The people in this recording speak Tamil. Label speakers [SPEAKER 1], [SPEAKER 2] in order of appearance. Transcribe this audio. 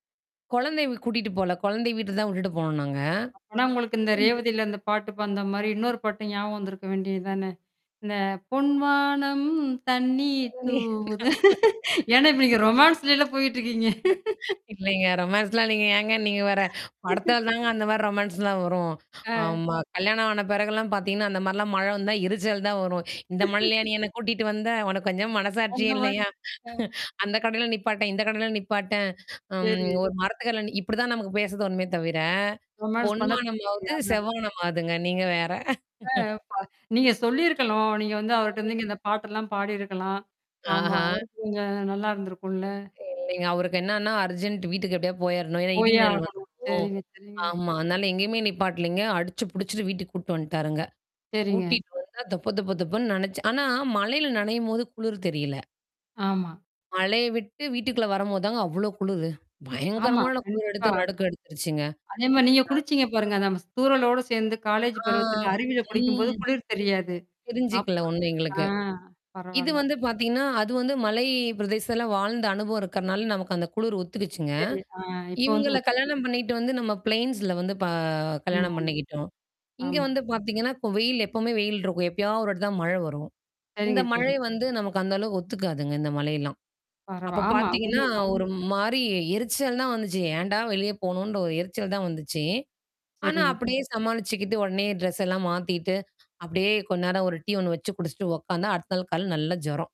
[SPEAKER 1] கொழந்தைய கூட்டிட்டு போல. கொழந்தைய வீட்ல தான் விட்டுட்டு போனோம் நாங்க.
[SPEAKER 2] அப்பனா உங்களுக்கு, இந்த
[SPEAKER 1] [unintelligible]
[SPEAKER 2] ரேவதில அந்த பாட்டு பாடுன மாரி இன்னொரு பாட்டு ஞாபகம் வந்துருக்க வேண்டியது தான, "இந்த பொன்வானம் தண்ணி தூவுது" ஏனா நீங்க ரொமான்ஸ்லல போயிட்டு இருக்கீங்க.
[SPEAKER 1] இல்லைங்க. ரொமான்ஸ்லாம் இல்லைங்க, ஏங்க நீங்க வேற, படத்துல தாங்க அந்த மாரி ரொமான்ஸ்லாம் வரும்.
[SPEAKER 2] அ.
[SPEAKER 1] ஆமா. கல்யாணம் ஆன பெறகுலாம் பாத்தீங்கன்னா, அந்த மாரிலாம் மழ வந்தா எரிச்சல் தான் வரும். "இந்த மழைலயா நீ என்ன கூட்டிட்டு வந்த, உனக்கு கொஞ்சம்
[SPEAKER 2] அந்த
[SPEAKER 1] மனசாட்சியே
[SPEAKER 2] மா
[SPEAKER 1] இல்லையா?
[SPEAKER 2] அ.
[SPEAKER 1] அந்த கடையில நிப்பாட்டேன், இந்த கடையில நிப்பாட்டேன், அம்,
[SPEAKER 2] சரி.
[SPEAKER 1] ஒரு மரத்துக்கடில நி" இப்டிதான் நமக்கு பேச தோணுமே தவிர,
[SPEAKER 2] ரொமான்ஸ்
[SPEAKER 1] பொன்
[SPEAKER 2] பண்ண
[SPEAKER 1] வானமாவது
[SPEAKER 2] தோணலயா
[SPEAKER 1] செவ்மானமாவுதுங்க நீங்க வேற.
[SPEAKER 2] அ, பா நீங்க சொல்லியிருக்கணும். நீங்க வந்து,
[SPEAKER 1] [unintelligible]
[SPEAKER 2] அவர்ட்ட இந்த பாட்டெல்லாம் பாடியிருக்கலாம். ஆமா.
[SPEAKER 1] ஆஹ.
[SPEAKER 2] அவருக்கும் கொஞ்சம் நல்லாயிருந்துருக்குல்ல.
[SPEAKER 1] [unintelligible] அவருக்கு என்னன்னா, அர்ஜென்ட் வீட்டுக்கு எப்டியாது போயிரணும். ஏனா இடி
[SPEAKER 2] போயே
[SPEAKER 1] மின்னல்
[SPEAKER 2] ஆகணும்.
[SPEAKER 1] வந்துரும்
[SPEAKER 2] சேரிங்க, சேரிங்க.
[SPEAKER 1] ஆமா. அதனால எங்கேயுமே நிப்பாட்டலைங்க. அடிச்சு, புடிச்சுட்டு வீட்டுக்கு கூட்டு வந்துட்டாருங்க.
[SPEAKER 2] சேரிங்க.
[SPEAKER 1] கூட்டிட்டு வந்தா தொப, தொப தொபன்னு நனச்சு ஆனா மழையில நனையும்போது குளிர் தெரியல.
[SPEAKER 2] ஆமா.
[SPEAKER 1] மழைய விட்டு வீட்டுக்குள்ள வரம்போது தாங்க, அவ்ளோ குளுரு.
[SPEAKER 2] ஆமா.
[SPEAKER 1] பயங்கரமான குளிர்
[SPEAKER 2] கண்டிப்பா.
[SPEAKER 1] எடுத்து, நடுக்கம் எடுத்துருச்சுங்க.
[SPEAKER 2] அதே மாரி நீங்க
[SPEAKER 1] [unintelligible]
[SPEAKER 2] குளிச்சிங்க பாருங்க, நம்ம, ஸ் தூரலோடு சேந்து காலேஜ்
[SPEAKER 1] ஆ
[SPEAKER 2] பருவத்துல அருவில குளிக்கும்போது
[SPEAKER 1] ம்.
[SPEAKER 2] குளிர் தெரியாது. அப்ப
[SPEAKER 1] தெரிஞ்சுக்கல ஒண்ணும்
[SPEAKER 2] அ.
[SPEAKER 1] எங்களுக்கு, இது
[SPEAKER 2] பரவால்ல.
[SPEAKER 1] வந்து பாத்தீங்கன்னா, அது வந்து மலை பிரதேசத்துல வாழ்ந்த அனுபவம் இருக்கனால, நமக்கு அந்த குளிர் ஒத்துக்கிச்சுங்க.
[SPEAKER 2] சரி, அ, இப்போ வந்து,
[SPEAKER 1] இவங்கள
[SPEAKER 2] ஒத்துக்குது.
[SPEAKER 1] கல்யாணம் பண்ணிட்டு வந்து, நம்ம பிளைன்ஸ்ல வந்து ப கல்யாணம்
[SPEAKER 2] ஆமாம்.
[SPEAKER 1] பண்ணிக்கிட்டோம். இங்கே
[SPEAKER 2] ஆமா.
[SPEAKER 1] வந்து பாத்தீங்கன்னா, கோ இப்ப வெயில் எப்போமே வெயில் இருக்கும். எப்பயாவது 1 வாட்டி தான் மழ வரும்.
[SPEAKER 2] சரிங்க,
[SPEAKER 1] இந்த
[SPEAKER 2] சரி.
[SPEAKER 1] மழை வந்து, நமக்கு அந்த அளவுக்கு ஒத்துக்காதுங்க இந்த மழையெல்லாம்.
[SPEAKER 2] பரவா
[SPEAKER 1] அப்ப
[SPEAKER 2] ஆமா.
[SPEAKER 1] பாத்தீங்கன்னா
[SPEAKER 2] உண்மைதான்
[SPEAKER 1] ஒரு மாரி எரிச்சல் தான் வந்துச்சு. ஏன்டா, வெளிய போனோன்ற ஒரு எரிச்சல் தான் வந்துச்சு. ஆனா
[SPEAKER 2] சரிங்க.
[SPEAKER 1] அப்டியே சமாளிச்சுக்கிட்டு உடனே ட்ரெஸ் எல்லாம் மாத்திட்டு, அப்டியே கொஞ்ச நேரம் 1 டீ ஒண்ணு வச்சு குடிச்சிட்டு உட்காந்தா அடுத்த நாள் காலைல நல்ல ஜுரம்.